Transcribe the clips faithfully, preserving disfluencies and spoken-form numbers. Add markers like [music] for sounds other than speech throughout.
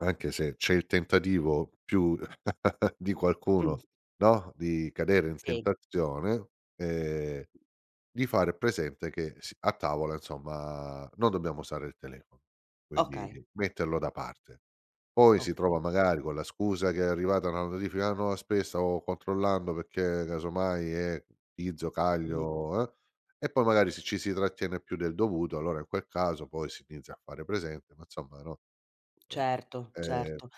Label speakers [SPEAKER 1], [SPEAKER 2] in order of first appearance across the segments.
[SPEAKER 1] Anche se c'è il tentativo più [chuckles] di qualcuno,
[SPEAKER 2] Mh.
[SPEAKER 1] no, di cadere in
[SPEAKER 2] Sì.
[SPEAKER 1] tentazione, ehm, di fare presente che s a tavola insomma non dobbiamo usare il telefono, quindi
[SPEAKER 2] Okay.
[SPEAKER 1] metterlo da parte. Poi si trova
[SPEAKER 2] Okay.
[SPEAKER 1] magari con la scusa che è arrivata una notifica nuova, spes "Stavo controllando perché casomai è Tizio,
[SPEAKER 2] Mh-mh.
[SPEAKER 1] caglio", eh, e poi magari, se ci si trattiene più del dovuto, allora in quel caso poi si inizia a fare presente: "Ma insomma" no. Eh.
[SPEAKER 2] Certo,
[SPEAKER 1] E
[SPEAKER 2] certo.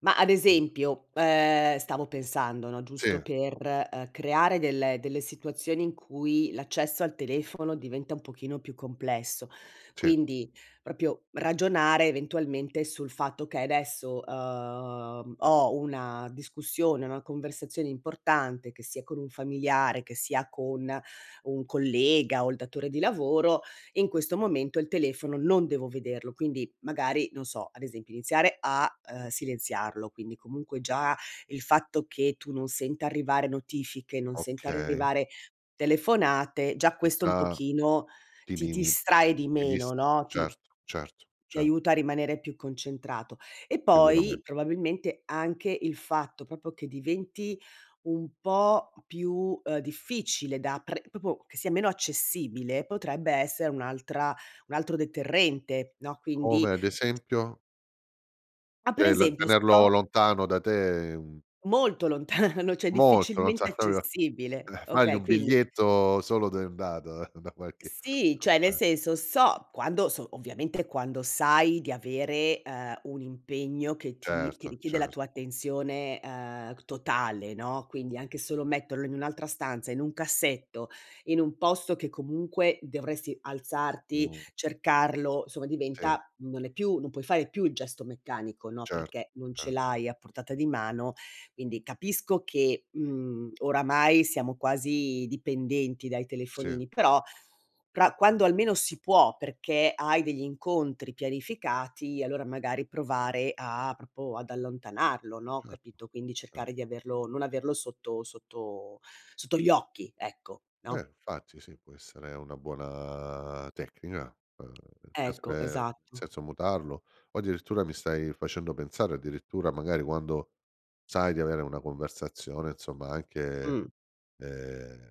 [SPEAKER 2] Ma ad esempio, ehm, stavo pensando, no,
[SPEAKER 1] Sì.
[SPEAKER 2] giusto per, uhm, creare delle delle situazioni in cui l'accesso al telefono diventa un pochino più complesso,
[SPEAKER 1] Sì.
[SPEAKER 2] quindi propio ragionare eventualmente sul fatto che edesso, uhm, ho una discussione, una conversazione importante, che sia con un familiare, che sia con un collega o il datore di lavoro, in questo momento il telefono non devo vederlo. Quindi magari, non so, ad esempio iniziare a, uhm, silenziarlo, quindi comunque già il fatto che tu non senta arrivare notifiche, non senta
[SPEAKER 1] Okay.
[SPEAKER 2] arrivare telefonate, già
[SPEAKER 1] Ti
[SPEAKER 2] questo un
[SPEAKER 1] da
[SPEAKER 2] pochino
[SPEAKER 1] ti
[SPEAKER 2] ti
[SPEAKER 1] limi
[SPEAKER 2] distrae di
[SPEAKER 1] ti dis
[SPEAKER 2] meno, no, ti
[SPEAKER 1] certo certo
[SPEAKER 2] ti
[SPEAKER 1] cer
[SPEAKER 2] aiuta a rimanere più concentrato. E poi
[SPEAKER 1] Sicurame
[SPEAKER 2] probabilmente anche il fatto propo che diventi un po' più, uhm, difficile da pre popo che sia meno accessibile, potrebbe essere un'altra un altro deterrente, no. Quindi
[SPEAKER 1] Come ad esempio?
[SPEAKER 2] Ma per
[SPEAKER 1] ceh, il
[SPEAKER 2] esempio
[SPEAKER 1] tenerlo
[SPEAKER 2] sto
[SPEAKER 1] lontano da te è un
[SPEAKER 2] Molto lontano, ceh
[SPEAKER 1] Molto, non sa
[SPEAKER 2] difficilmente
[SPEAKER 1] propio
[SPEAKER 2] accessibile.
[SPEAKER 1] [chuckles] fagli
[SPEAKER 2] Okay,
[SPEAKER 1] un
[SPEAKER 2] quindi
[SPEAKER 1] biglietto solo de un dado [chuckles] da qualche
[SPEAKER 2] Sì, cioè nel senso
[SPEAKER 1] [unintelligible]
[SPEAKER 2] so quando so ovviamente quando sai di avere, uhm, un impegno che ti che
[SPEAKER 1] Certo,
[SPEAKER 2] richiede la
[SPEAKER 1] cer
[SPEAKER 2] tua attenzione, uhm, totale, no, quindi anche solo metterlo in un'altra stanza, in un cassetto, in un posto che comunque dovresti alzarti,
[SPEAKER 1] No.
[SPEAKER 2] cercarlo, insomma
[SPEAKER 1] Sì.
[SPEAKER 2] diventa non è più non puoi fare più il gesto meccanico, no,
[SPEAKER 1] Certo,
[SPEAKER 2] perché non ce
[SPEAKER 1] cer
[SPEAKER 2] l'hai a portata di mano. Quindi capisco che, mhmm, oramai siamo quasi dipendenti dai
[SPEAKER 1] Sì.
[SPEAKER 2] telefonini, però però quando almeno si può perché hai degli incontri pianificati, allora magari provare a propo ad allontanarlo, no,
[SPEAKER 1] Certo,
[SPEAKER 2] capito, quindi
[SPEAKER 1] cer
[SPEAKER 2] cercare di averlo non averlo sotto sotto sotto gli occhi, ecco, no?
[SPEAKER 1] Eh infatti sì, può essere una buona tecnica, uhm,
[SPEAKER 2] Ecco,
[SPEAKER 1] [unintelligible]
[SPEAKER 2] esatto.
[SPEAKER 1] senza mutarlo, o addirittura mi stai facendo pensare addirittura magari quando sai di avere una conversazione insomma, anche,
[SPEAKER 2] Mh.
[SPEAKER 1] ehm